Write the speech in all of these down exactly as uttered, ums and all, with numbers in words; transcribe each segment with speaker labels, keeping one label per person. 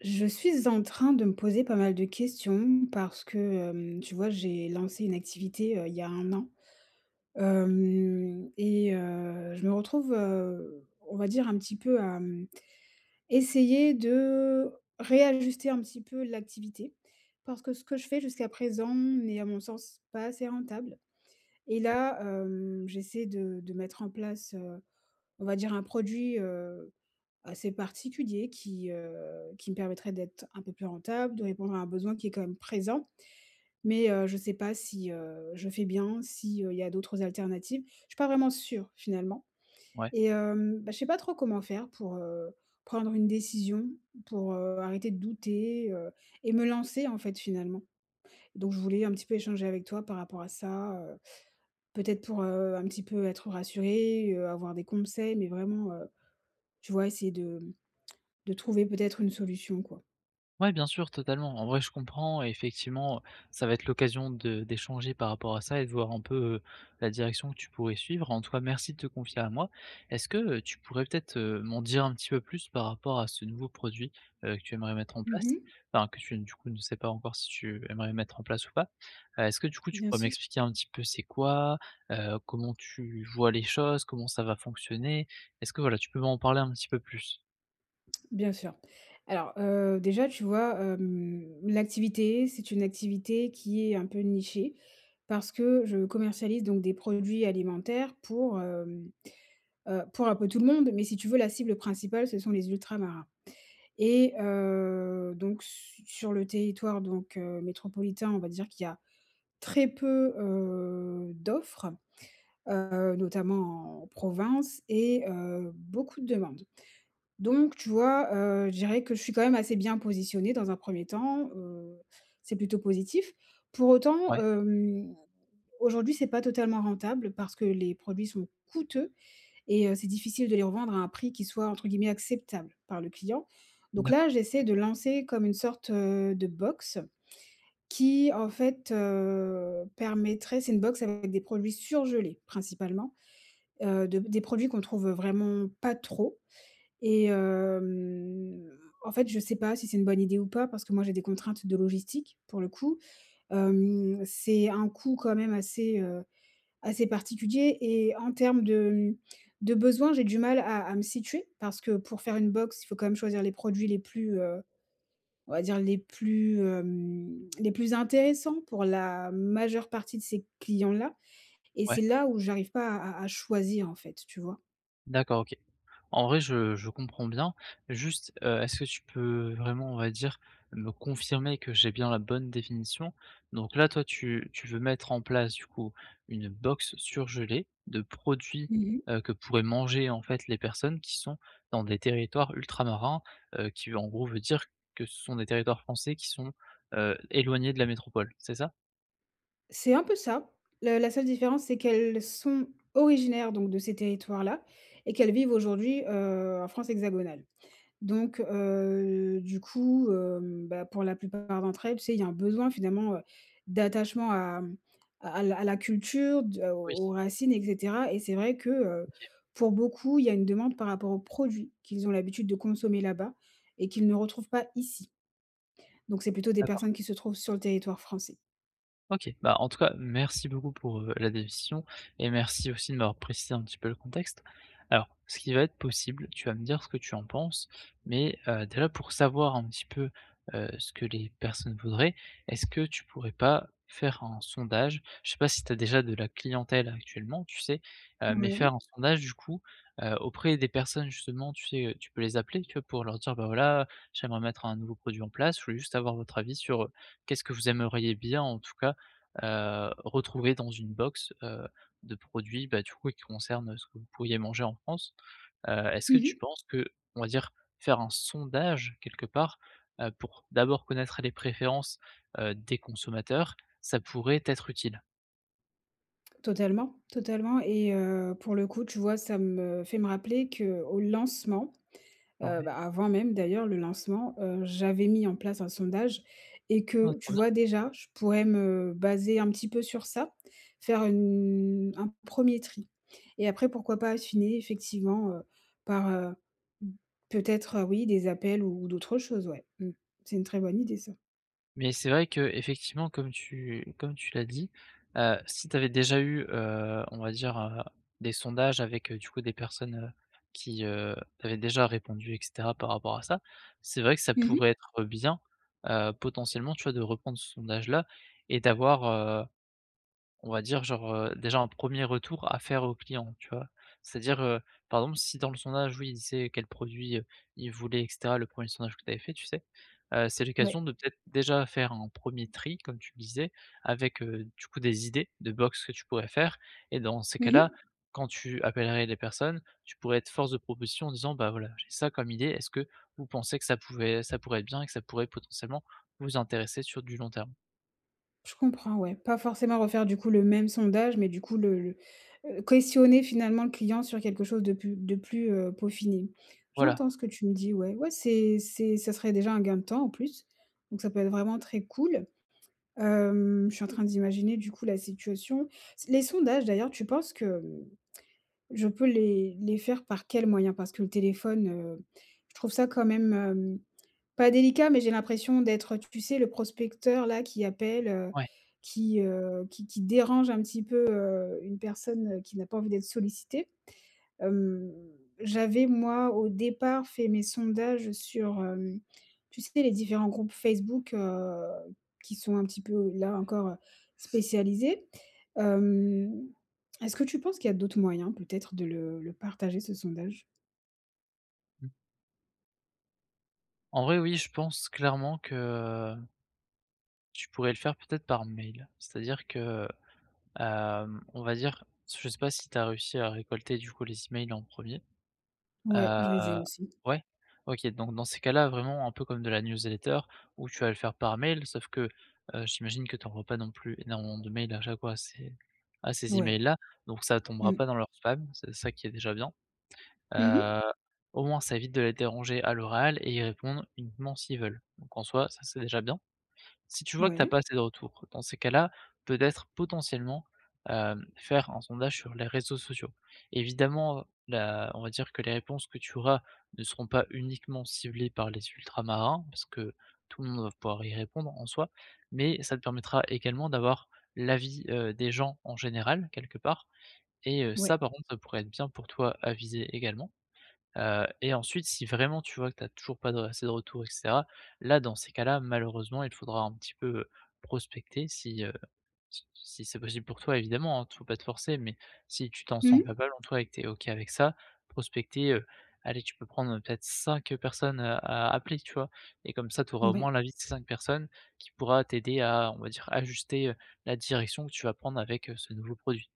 Speaker 1: Je suis en train de me poser pas mal de questions parce que, hem, tu vois, j'ai lancé une activité, heu, il y a un an, hem et heu, je me retrouve, heu, on va dire un petit peu à essayer de réajuster un petit peu l'activité. Parce que ce que je fais jusqu'à présent n'est, à mon sens, pas assez rentable et
Speaker 2: Et
Speaker 1: là, heu, j'essaie de de mettre en place, heu, on va dire un produit, heu, assez particulier qui, heu, qui me permettrait d'être un peu plus rentable, de répondre à un besoin qui est quand même présent. Mais, heu, je sais pas si, heu, je fais bien, si, heu, il y a d'autres alternatives. Je suis pas vraiment sûre, finalement
Speaker 2: Ouais.
Speaker 1: et hem, bah, je sais pas trop comment faire pour, heu, prendre une décision, pour, heu, arrêter de douter, heu et me lancer en fait, finalement. Donc je voulais un petit peu échanger avec toi par rapport à ça, heu, peut-être pour, heu, un petit peu être rassurée, heu, avoir des conseils, mais vraiment, heu, tu vois essayer de de trouver peut-être une solution quoi.
Speaker 2: Ouais, bien sûr, totalement. En vrai, je comprends, effectivement. Heu, ça va être l'occasion de d'échanger par rapport à ça et de voir un peu, heu, la direction que tu pourrais suivre. En tout cas, merci de te confier à moi. Est-ce que, heu, tu pourrais peut-être, heu, m'en dire un petit peu plus par rapport à ce nouveau produit, heu, que tu aimerais mettre en
Speaker 1: Mmh
Speaker 2: place.
Speaker 1: mh.
Speaker 2: Enfin que tu n du coup, ne sais pas encore si tu aimerais mettre en place ou pas? Est-ce que, du coup, tu
Speaker 1: Bien
Speaker 2: pourrais
Speaker 1: sûr.
Speaker 2: m'expliquer un petit peu, c'est quoi? Heu, comment tu vois les choses? Comment ça va fonctionner? Est-ce que, voilà, tu peux m'en parler un petit peu plus?
Speaker 1: Bien sûr. Alors, heu, déjà, tu vois, hem, l'activité, c'est une activité qui est un peu nichée, parce que je commercialise donc des produits alimentaires pour, hem, heu, pour un peu tout le monde. Mais, si tu veux, la cible principale ce sont les ultramarins et heu, donc su sur le territoire donc, heu, métropolitain. On va dire qu'il y a très peu, heu, d'offres, heu, notamment en province et heu, beaucoup de demandes. Donc, tu vois, heu, je dirais que je suis quand même assez bien positionnée dans un premier temps, heu, c'est plutôt positif. Pour autant,
Speaker 2: Ouais.
Speaker 1: hem, aujourd'hui, c'est pas totalement rentable parce que les produits sont coûteux et heu, c'est difficile de les revendre à un prix qui soit entre guillemets «acceptable» par le client. Donc,
Speaker 2: D'accord.
Speaker 1: là, j'essaie de lancer comme une sorte, heu, de box qui, en fait, heu, permettrait c'est une box avec des produits surgelés principalement, heu, de p des produits qu'on trouve vraiment pas trop et hem, en fait, je sais pas si c'est une bonne idée ou pas parce que moi j'ai des contraintes de logistique, pour le coup. Hem, c'est un coût quand même assez, heu, assez particulier et en termes de, hem, de besoins, j'ai du mal à à me situer. Parce que pour faire une box, il faut quand même choisir les produits les plus, heu, on va dire, les plus, hem, les plus intéressants pour la majeure partie de ces clients-là et
Speaker 2: Ouais.
Speaker 1: c'est là, où j'arrive pas à à à choisir, en fait, tu vois?
Speaker 2: D'accord. OK. En vrai, je je comprends bien. Juste, heu, est-ce que tu peux vraiment, on va dire, me confirmer que j'ai bien la bonne définition. Donc, là, toi, tu tu veux mettre en place, du coup, une box surgelée de produits,
Speaker 1: Mmh mh.
Speaker 2: heu, que pourraient manger, en fait, les personnes qui sont dans des territoires ultramarins, heu, qui, en gros, veut dire que ce sont des territoires français qui sont, heu, éloignés de la métropole, c'est ça?
Speaker 1: C'est un peu ça. Le la seule différence, c'est qu'elles sont originaires donc de ces territoires-là et qu'elles vivent aujourd'hui, heu, en France hexagonale. Donc, heu, du coup, heu, bah pour la plupart d'entre elles, tu sais, il y a un besoin finalement, heu, d'attachement à à la à la culture, de
Speaker 2: Oui.
Speaker 1: aux aux racines, et cetera. Et c'est vrai que, heu,
Speaker 2: OK.
Speaker 1: pour beaucoup, il y a une demande par rapport aux produits qu'ils ont l'habitude de consommer là-bas et qu'ils ne retrouvent pas ici. Donc c'est plutôt des
Speaker 2: D'accord.
Speaker 1: personnes qui se trouvent sur le territoire français.
Speaker 2: OK. Bah, en tout cas merci beaucoup pour, heu, la précision et merci aussi de m'avoir précisé un petit peu le contexte. Alors ce qui va être possible, tu vas me dire ce que tu en penses mais, heu, déjà pour savoir un petit peu, heu, ce que les personnes voudraient, est-ce que tu pourrais pas faire un sondage? Je sais pas si tu as déjà de la clientèle actuellement, tu sais? Heu, mais
Speaker 1: Ouais.
Speaker 2: faire un sondage du coup, heu, auprès des personnes justement tu sais? Heu, tu peux les appeler tu vois, pour leur dire: «Bah voilà, j'aimerais mettre un nouveau produit en place, je voulais juste avoir votre avis sur, heu, qu'est-ce que vous aimeriez bien, en tout cas, heu, retrouver dans une box, heu, de produits, bah, du coup, oui, qui concernent ce que vous pourriez manger en France?» heu, est-ce que
Speaker 1: Mmh
Speaker 2: tu
Speaker 1: mh.
Speaker 2: penses que, on va dire faire un sondage, quelque part, heu, pour d'abord connaître les préférences, heu, des consommateurs, ça pourrait, t'être utile?
Speaker 1: Totalement, totalement et heu, pour le coup, tu vois, ça me fait me rappeler qu'au lancement,
Speaker 2: Ah
Speaker 1: heu,
Speaker 2: ouais.
Speaker 1: bah, avant même d'ailleurs le lancement, heu, j'avais mis en place un sondage et
Speaker 2: Ah
Speaker 1: que,
Speaker 2: trop
Speaker 1: tu
Speaker 2: bien!
Speaker 1: vois, déjà je pourrais me baser un petit peu sur ça. Faire une un premier tri et après pourquoi pas affiner effectivement, heu, par, heu, mmh, peut-être, oui des appels ou d'autres choses, ouais, mmh. C'est une très bonne idée ça.
Speaker 2: Mais c'est vrai qu'effectivement comme tu comme tu l'as dit, heu, si tu avais déjà eu, heu, on va dire, heu, des sondages avec, heu, du coup des personnes, heu, qui, heu, avaient déjà répondu et cetera par rapport à ça, c'est vrai que ça
Speaker 1: Mmh mh.
Speaker 2: pourrait être bien, heu, potentiellement tu vois, de reprendre ce sondage-là et d'avoir, heu, on va dire genre, heu, déjà un premier retour à faire aux clients tu vois? C'est-à-dire, heu, par exemple, si dans le sondage, oui, il sait c'est quel produit, heu, il voulait et cetera, le premier sondage que tu avais fait, tu sais? Heu, c'est
Speaker 1: Oui.
Speaker 2: l'occasion de peut-être déjà faire un premier tri, comme tu le disais, avec, heu, du coup des idées de box que tu pourrais faire. Et dans ces
Speaker 1: Mmh
Speaker 2: cas-là,
Speaker 1: mh.
Speaker 2: quand tu appellerais des personnes, tu pourrais être force de proposition en disant: «Bah voilà, j'ai ça comme idée. Est-ce que vous pensez que ça pouvait ça pourrait être bien et que ça pourrait potentiellement vous intéresser sur du long terme?»
Speaker 1: Je comprends, ouais, pas forcément refaire, du coup, le même sondage mais du coup le le heu, questionner finalement le client sur quelque chose de plus de plus, heu, peaufiné.
Speaker 2: Voila.
Speaker 1: J'entends ce que tu me dis. Ouais, ouais, c'est c'est ça serait déjà un gain de temps, en plus, donc ça peut être vraiment très cool. Hem, je suis en train d'imaginer du coup la situation. Les sondages d'ailleurs, tu penses que, mmh, je peux les les faire par quel moyen? Parce que le téléphone, heu, je trouve ça quand même, hem, pas délicat, mais j'ai l'impression d'être, heu, tu sais, le prospecteur-là, qui appelle, heu,
Speaker 2: Ouais.
Speaker 1: qui heu, qui qui dérange un petit peu, heu, une personne, heu, qui n'a pas envie d'être sollicitée. Hem, j'avais moi, au départ, fait mes sondages sur, hem, tu sais, les différents groupes Facebook, heu, qui sont un petit peu, là encore, spécialisés. Hem, est-ce que tu penses qu'il y a d'autres moyens peut-être, de le le partager ce sondage?
Speaker 2: Mmh. En vrai, oui, je pense clairement que tu pourrais le faire, peut-être, par mail. C'est-à-dire que, hem, on va dire, s je sais pas si tu as réussi à récolter, du coup, les emails en premier,
Speaker 1: Ouais,
Speaker 2: heu,
Speaker 1: je les ai aussi.
Speaker 2: ouais? OK, donc, dans ces cas-là, vraiment, un peu comme de la newsletter, où tu vas le faire par mail, sauf que, heu, j'imagine que tu envoies pas non plus énormément de mails à chaque fois, à ces à ces e-mails
Speaker 1: Ouais.
Speaker 2: là, donc, ça tombera
Speaker 1: Mmh.
Speaker 2: pas dans leurs spams, c'est ça qui est déjà bien,
Speaker 1: Mmh mh.
Speaker 2: heu, au moins, ça évite de les déranger à l'oral et ils répondent uniquement s'ils veulent. Donc, en soi, ça, c'est déjà bien. Si tu vois que tu as pas
Speaker 1: Ouais.
Speaker 2: assez de retours, dans ces cas-là, peut-être, potentiellement, hem, faire un sondage sur les réseaux sociaux. Évidemment, la on va dire que les réponses que tu auras ne seront pas uniquement ciblées par les ultramarins, parce que tout le monde va pouvoir y répondre en soi, mais, ça te permettra, également, d'avoir l'avis, heu, des gens en général, quelque part et heu, ça,
Speaker 1: Ouais.
Speaker 2: par contre, ça pourrait être bien pour toi à viser également, heu et ensuite, si vraiment tu vois que tu as toujours pas de r assez de retours et cetera, là, dans ces cas-là, malheureusement, il faudra un petit peu, heu, prospecter si, heu, si si c'est possible pour toi, évidemment, hein. T faut pas te forcer, mais si tu t'en sens
Speaker 1: Mmh.
Speaker 2: capable, en toi et que tu es OK avec ça, prospecter, heu, allez, tu peux prendre peut-être cinq personnes, heu, à appeler, tu vois et comme ça, tu auras au moins
Speaker 1: Mouais.
Speaker 2: l'avis de ces cinq personnes, qui pourra t'aider à, on va dire, ajuster, heu, la direction que tu vas prendre avec, heu, ce nouveau produit.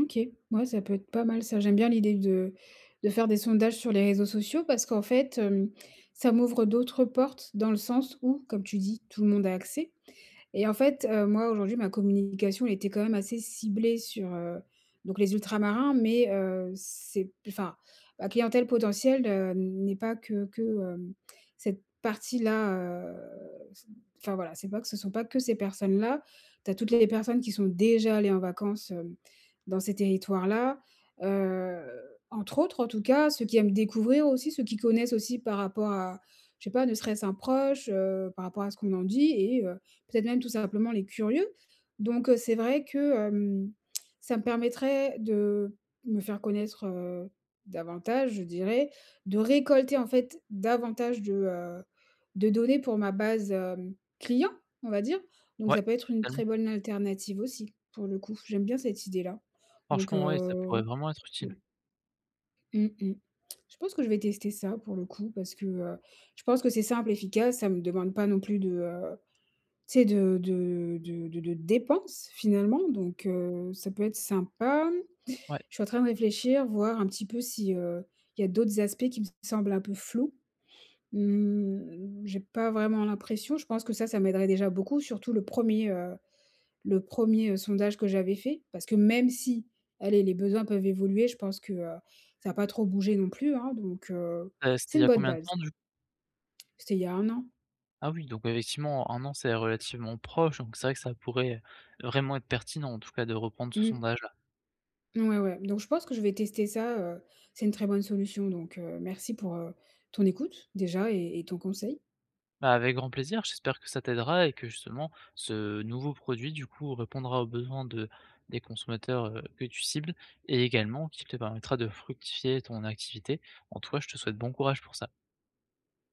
Speaker 1: OK. Mouais, ça peut être pas mal ça. J'aime bien l'idée de de faire des sondages sur les réseaux sociaux parce qu'en fait, hem, ça m'ouvre d'autres portes, dans le sens où comme tu dis tout le monde a accès et en fait, heu, moi aujourd'hui ma communication elle était quand même assez ciblée sur, heu, donc les ultra-marins mais, heu, c'est, enfin, la clientèle potentielle, hem, n'est pas que que, heu, cette partie-là, heu, enfin, voilà, c'est pas que ce sont pas que ces personnes-là. Tu as toutes les les personnes qui sont déjà allées en vacances, heu, dans ces territoires-là, heu, entre autres en tout cas. Ceux qui aiment découvrir aussi, ceux qui connaissent aussi par rapport à, je sais pas, ne serait-ce un proche, heu, par rapport à ce qu'on en dit et heu, peut-être même tout simplement les curieux. Donc, heu, c'est vrai que, hem, ça me permettrait de me faire connaître, heu, davantage je dirais, de récolter en fait davantage de, heu, de données pour ma base, heu, client, on va dire. Donc
Speaker 2: Ouais,
Speaker 1: ça peut être une
Speaker 2: tellement.
Speaker 1: très bonne alternative aussi pour le coup. J'aime bien cette idée-là. Donc,
Speaker 2: Franchement, ouais, ça pourrait
Speaker 1: heu,
Speaker 2: vraiment être utile.
Speaker 1: oui. Mmh mh. Je pense que je vais tester ça pour le coup parce que, heu, je pense que c'est simple efficace, ça me demande pas non plus de, heu, tu sais de de de de de dépenses finalement donc, heu, ça peut être sympa.
Speaker 2: Ouais.
Speaker 1: Je suis en train de réfléchir, voir un petit peu si, heu, il y a d'autres aspects qui me semblent un peu flous. Mmh, j'ai pas vraiment l'impression. Je pense que ça, ça m'aiderait déjà beaucoup surtout le premier, heu, le premier sondage que j'avais fait. Parce que même si, allez, les besoins peuvent évoluer, je pense que, heu, ça a pas trop bougé non plus, hein, donc, heu,
Speaker 2: Heu, c'était
Speaker 1: c'est
Speaker 2: il y
Speaker 1: une
Speaker 2: a
Speaker 1: bonne
Speaker 2: combien de
Speaker 1: base.
Speaker 2: temps du
Speaker 1: C'était il y a un an.
Speaker 2: Ah oui, donc effectivement, un an, c'est relativement proche, donc c'est vrai que ça pourrait vraiment être pertinent, en tout cas, de reprendre ce
Speaker 1: Mhm.
Speaker 2: sondage-là.
Speaker 1: Mouais, ouais, donc je pense que je vais tester ça, heu, c'est une très bonne solution donc, heu, merci pour, heu, ton écoute déjà et et ton conseil.
Speaker 2: Bah, avec grand plaisir, j'espère que ça t'aidera et que, justement, ce nouveau produit du coup répondra aux besoins de des consommateurs, heu, que tu cibles et également qui te permettra de fructifier ton activité. En tout cas, je te souhaite bon courage pour ça.